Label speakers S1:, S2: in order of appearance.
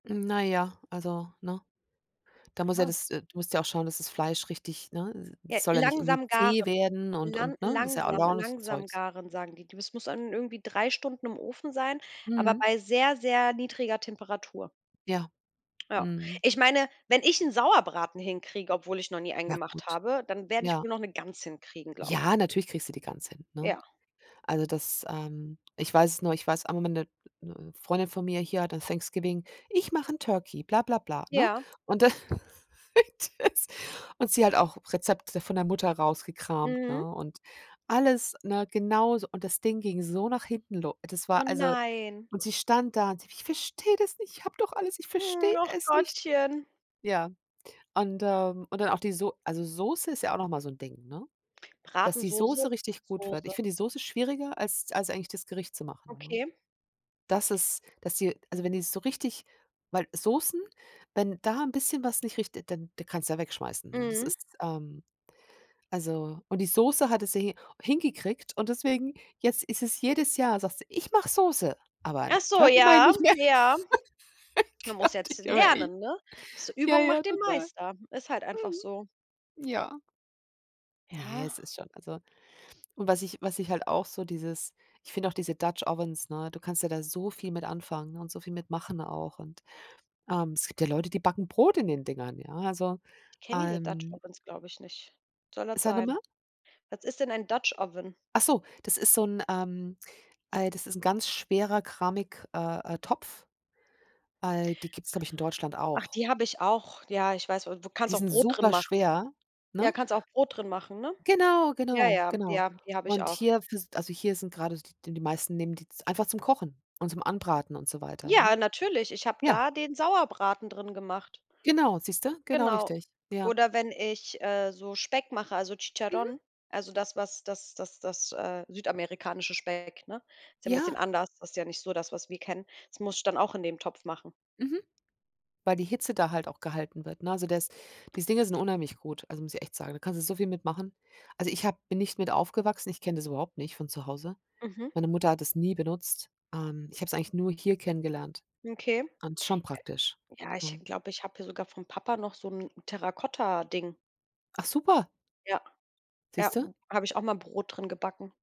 S1: Na ja, also, ne? Da muss ja
S2: Ha.
S1: das äh, du musst ja auch schauen, dass das Fleisch richtig ne, d
S2: Ja,
S1: das soll ja nicht irgendwie
S2: langsam
S1: zäh
S2: garen.
S1: werden und
S2: Lan
S1: und, ne, ist ja
S2: langsam
S1: [unintelligible]
S2: „langsam
S1: Zeugs.
S2: garen,“ sagen die. Die das muss dann irgendwie 3 Stunden im Ofen sein, aber
S1: Mhm.
S2: bei sehr, sehr niedriger Temperatur.
S1: Ja.
S2: Ja.
S1: Mhm.
S2: Ich meine, wenn ich 'n Sauerbraten hinkriege, obwohl ich noch nie einen
S1: Ja,
S2: gemacht
S1: gut.
S2: habe, dann werde ich
S1: Ja.
S2: wohl noch 'ne Gans hinkriegen, glaube ich.
S1: Ja. Natürlich kriegst du die Gans hin, ne?
S2: Ja.
S1: Also, das, ähm ich weiß es nur ich weiß, auch am Ende 'ne Freundin von mir hier hatte Thanksgiving: „Ich mache 'n Turkey,“ bla bla bla, ne?
S2: Ja.
S1: Und da das und sie hat auch Rezepte von der Mutter rausgekramt,
S2: Mhm.
S1: ne? Und alles, ne, genauso und das Ding ging so nach hinten lo das
S2: Oh
S1: war also
S2: nein.
S1: und sie stand da und sie: „Ich verstehe das nicht. Ich habe doch alles Ich
S2: Hm,
S1: verstehe
S2: och
S1: es nicht.“
S2: Gottchen.
S1: Ja. Und, ähm, und dann auch die So also, Soße ist ja auch noch mal so 'n Ding, ne, dass die
S2: Bratensoße,
S1: Soße
S2: [unintelligible]
S1: richtig gut wird.
S2: Soße.
S1: Ich finde die Soße schwieriger, als als eigentlich das Gericht zu machen, ne?
S2: Okay.
S1: Dass es dass sie also, wenn die so richtig weil Soßen, wenn da 'n bisschen was nicht richt dann da kannst du die ja wegschmeißen, ne? Das
S2: Mhm.
S1: ist ähm, also, und die Soße hatte sie hi hingekriegt und deswegen jetzt ist es jedes Jahr, sagt sie: „Ich mache Soße, aber 'n
S2: Ach so,
S1: Turkey mache ich
S2: ja,
S1: nicht mehr.“
S2: ja. Man muss
S1: Gott,
S2: jetzt
S1: ich habe echt
S2: lernen, ne? Das
S1: Ja,
S2: Übung
S1: ja,
S2: macht den
S1: total.
S2: Meister. Ist halt einfach so.
S1: Mhm. Ja. Ne,
S2: Ja.
S1: es ist schon, also Und was ich was ich halt auch so dieses Ich finde auch diese Dutch Ovens, ne, du kannst ja da so viel mit anfangen, und so viel mit machen auch. Und, ähm, es gibt ja Leute, die backen Brot in den Dingern, ja? Also,
S2: Ich kenne diese Dutch
S1: ähm
S2: Ovens, glaube ich, nicht. Was soll das
S1: Sag noch
S2: sein?
S1: mal.
S2: Was ist denn ein Dutch Oven?
S1: Ach so! Das ist so 'n ähm, äh, das ist ganz schwerer Keramik äh, äh, Topf. Al die gibt's, glaube ich, in Deutschland
S2: Ach,
S1: auch.
S2: die habe ich auch. Ja, ich weiß wa Du kannst
S1: Die
S2: auch
S1: sind
S2: Brot drin
S1: super
S2: machen.
S1: schwer, ne?
S2: Ja, kannst auch Brot drin machen, ne?
S1: Genau,
S2: Ja,
S1: genau,
S2: ja.
S1: genau.
S2: Ja, die habe ich
S1: Und
S2: auch.
S1: hier fürs Also, hier sind grade d d die meisten nehmen die z einfach zum Kochen und zum Anbraten und so weiter, ne?
S2: Ja, natürlich. Ich habe
S1: Ja.
S2: da den Sauerbraten drin gemacht.
S1: Genau, siehst du. Genau
S2: Genau.
S1: richtig, ja.
S2: Oder wenn ich, äh, so Speck mache, also,
S1: Mhm.
S2: Chicharrón, also, das, was das das das äh, südamerikanische Speck, ne? Ist ja 'n bisschen
S1: Ja.
S2: anders. Das ist ja nicht so das, was wir kennen. Das muss ich dann auch in dem Topf machen.
S1: Mhm. Weil die Hitze da halt auch gehalten wird, ne? Also, der ist diese Dinger sind unheimlich gut. Also, muss ich echt sagen. Da kannst du so viel mit machen. Also, ich habe bin nicht mit aufgewachsen. Ich kenne das überhaupt nicht von zu Hause.
S2: Mhm.
S1: Meine Mutter hat das nie benutzt. Ähm, ich habe es eigentlich nur hier kennengelernt.
S2: Okay.
S1: Und es ist schon
S2: Ja.
S1: praktisch,
S2: Ja, ich
S1: ne?
S2: glaube, ich habe hier sogar vom Papa noch so 'n Terrakotta-Ding.
S1: Ach super!
S2: Ja, ja,
S1: Siehst du?
S2: habe ich auch mal Brot drin gebacken.